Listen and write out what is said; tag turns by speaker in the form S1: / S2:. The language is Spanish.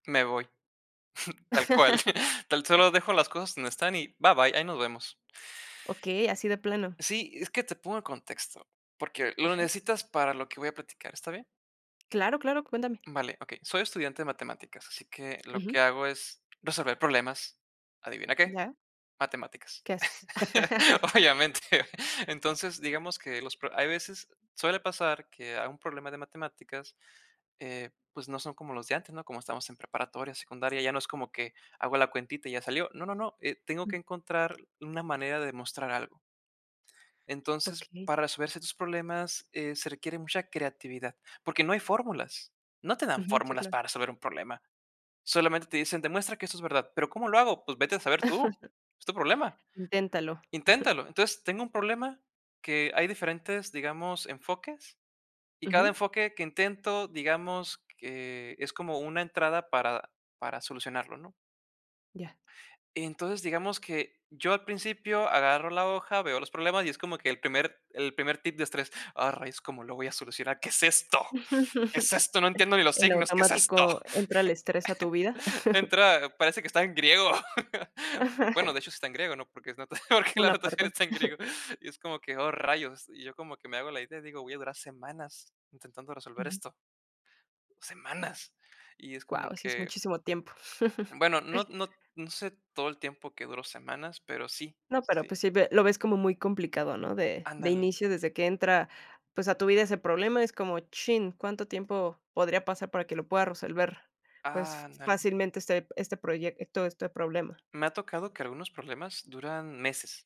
S1: Me voy tal cual. Tan solo dejo las cosas donde están y bye bye, ahí nos vemos.
S2: Okey, así de plano.
S1: Sí, es que te pongo en contexto, porque lo
S2: Ajá.
S1: necesitas para lo que voy a platicar, ¿está bien?
S2: Claro, claro, cuéntame.
S1: Vale, okey. Soy estudiante de matemáticas, así que lo que
S2: Ujú.
S1: hago es, resolver problemas. ¿Adivina qué?
S2: Ya.
S1: Matemáticas,
S2: ¿Qué haces?
S1: obviamente. Entonces, digamos que los pro hay veces suele pasar que a un problema de matemáticas, eh, pues, no son como los de antes, ¿no? Como estamos en preparatoria, secundaria, ya no es como que, hago la cuentita y ya salió. No, no, no, eh, tengo que encontrar una manera de mostrar algo. Entonces,
S2: Okey.
S1: para resolver ciertos problemas, eh, se requiere mucha creatividad porque no hay fórmulas. No te dan
S2: Ujú. Sí,
S1: fórmulas
S2: cla
S1: para resolver un problema. Solamente te dicen: "Demuestra que eso es verdad, '¿pero cómo lo hago?' Pues vete a saber tú. Es tu problema.
S2: Inténtalo.
S1: Inténtalo". Entonces, tengo un problema que hay diferentes, digamos, enfoques y cada
S2: Ujú.
S1: enfoque que intento, digamos, que es como una entrada para para solucionarlo, ¿no?
S2: Ya.
S1: Entonces, digamos que yo al principio agarro la hoja, veo los problemas y es como que el primer el primer tip de estrés. Ah, rayos, ¿cómo lo voy a solucionar? ¿Qué es esto? ¿Qué es esto? ¡No entiendo ni los
S2: En
S1: signos! ¿Qué es esto?
S2: automático entra el estrés a tu vida.
S1: De entrada parece que está en griego. Bueno, de hecho, está en griego, ¿no? Porque es nota porque la
S2: Una
S1: notación
S2: parte.
S1: está en griego. Y es como que, ¡oh, rayos! Y yo como que me hago la idea y digo: "Voy a durar semanas intentando resolver
S2: Ujú.
S1: esto". Semanas, y es como
S2: Guau, sí es
S1: que
S2: muchísimo tiempo.
S1: bueno, no no no sé todo el tiempo que duró semanas, pero sí,
S2: No, pero
S1: sí.
S2: pues sí ve lo ves como muy complicado, ¿no? De de
S1: Ándale.
S2: inicio, desde que entra, pues, a tu vida ese problema, es como, chin, ¿cuánto tiempo podría pasar para que lo pueda resolver, pues,
S1: Ándale.
S2: fácilmente este este proyecto, este problema?
S1: Me ha tocado que algunos problemas duran meses.